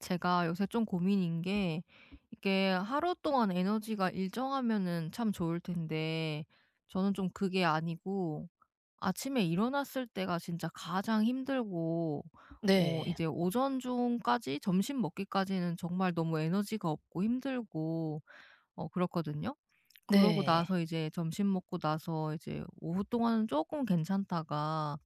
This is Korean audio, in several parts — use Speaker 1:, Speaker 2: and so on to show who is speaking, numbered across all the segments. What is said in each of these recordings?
Speaker 1: 제가 요새 좀 고민인 게 이게 하루 동안 에너지가 일정하면은 참 좋을 텐데 저는 좀 그게 아니고 아침에 일어났을 때가 진짜 가장 힘들고 어
Speaker 2: 네.
Speaker 1: 이제 오전 중까지 점심 먹기까지는 정말 너무 에너지가 없고 힘들고 어 그렇거든요. 그러고
Speaker 2: 네.
Speaker 1: 나서 이제 점심 먹고 나서 이제 오후 동안은 쪼끔 괜찮다가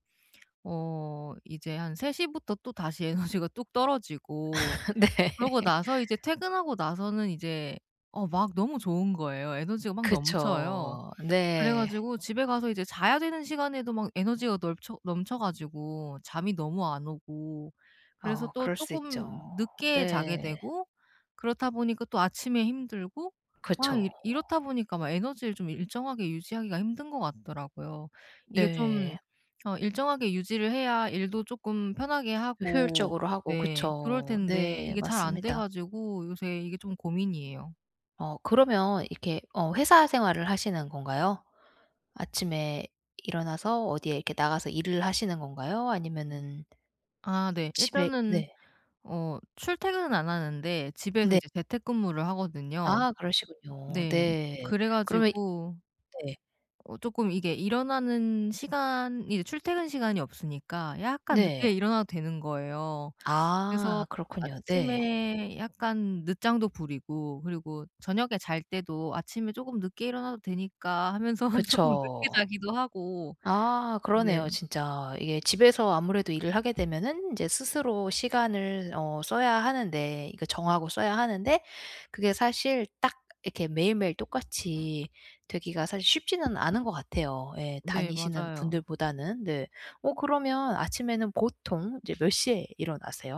Speaker 1: 어 이제 한 3 시부터 또 다시 에너지가 뚝 떨어지고
Speaker 2: 네.
Speaker 1: 그러고 나서 이제 퇴근하고 나서는 이제 어 막 너무 좋은 거예요. 에너지가 막 넘쳐요.
Speaker 2: 그쵸.
Speaker 1: 그래
Speaker 2: 네.
Speaker 1: 가지고 집에 가서 이제 자야 되는 시간에도 막 에너지가 널쳐 넘쳐 가지고 잠이 너무 안 오고 그래서
Speaker 2: 아오
Speaker 1: 또
Speaker 2: 그럴 수
Speaker 1: 쪼끔
Speaker 2: 있죠.
Speaker 1: 늦게 자게
Speaker 2: 네.
Speaker 1: 되고 그렇다 보니까 또 아침에 힘들고 막 이
Speaker 2: 그쵸.
Speaker 1: 이렇다 보니까 에너지를 좀 일정하게 유지하기가 힘든 것 같더라고요. 이게 좀
Speaker 2: 네.
Speaker 1: 어 일정하게 유지를 해야 일도 쪼끔 편하게 하고
Speaker 2: 효율적으로 하고
Speaker 1: 예 그럴
Speaker 2: 그쵸.
Speaker 1: 텐데
Speaker 2: 네
Speaker 1: 이게 잘 안 돼
Speaker 2: 맞습니다.
Speaker 1: 가지고 요새 이게 좀 고민이에요.
Speaker 2: 어 그러면 이렇게 어 회사 생활을 하시는 건가요? 아침에 일어나서 어디에 이렇게 나가서 일을 하시는 건가요? 아니면은
Speaker 1: 아 네.
Speaker 2: 집에
Speaker 1: 일단은
Speaker 2: 네.
Speaker 1: 어 출퇴근은 안 하는데 집에서
Speaker 2: 네.
Speaker 1: 이제 재택근무를 하거든요.
Speaker 2: 아 그러시군요.
Speaker 1: 네
Speaker 2: 네.
Speaker 1: 그래
Speaker 2: 그러면
Speaker 1: 가지고
Speaker 2: 네.
Speaker 1: 어 쪼끔 이게 일어나는 시간이 출퇴근 시간이 없으니까 약간 늦게
Speaker 2: 네.
Speaker 1: 일어나도 되는 거예요. 그래서
Speaker 2: 아 그렇군요. 네.
Speaker 1: 아침에 약간 늦장도 부리고 그리고 저녁에 잘 때도 '아침에 쪼금 늦게 일어나도 되니까.' 하면서 쪼끔
Speaker 2: 그쵸.
Speaker 1: 늦게 자기도 하고
Speaker 2: 아
Speaker 1: 네.
Speaker 2: 그러네요 진짜. 이게 집에서 아무래도 일을 하게 되면은 이제 스스로 시간을 어 써야 하는데 이거 정하고 써야 하는데 그게 사실 딱 이렇게 매일매일 똑같이 되기가 사실 쉽지는 않은 것 같아요. 예
Speaker 1: 네
Speaker 2: 다니시는
Speaker 1: 맞아요.
Speaker 2: 분들보다는. 네 어 그러면 아침에는 보통 이제 몇 시에 일어나세요?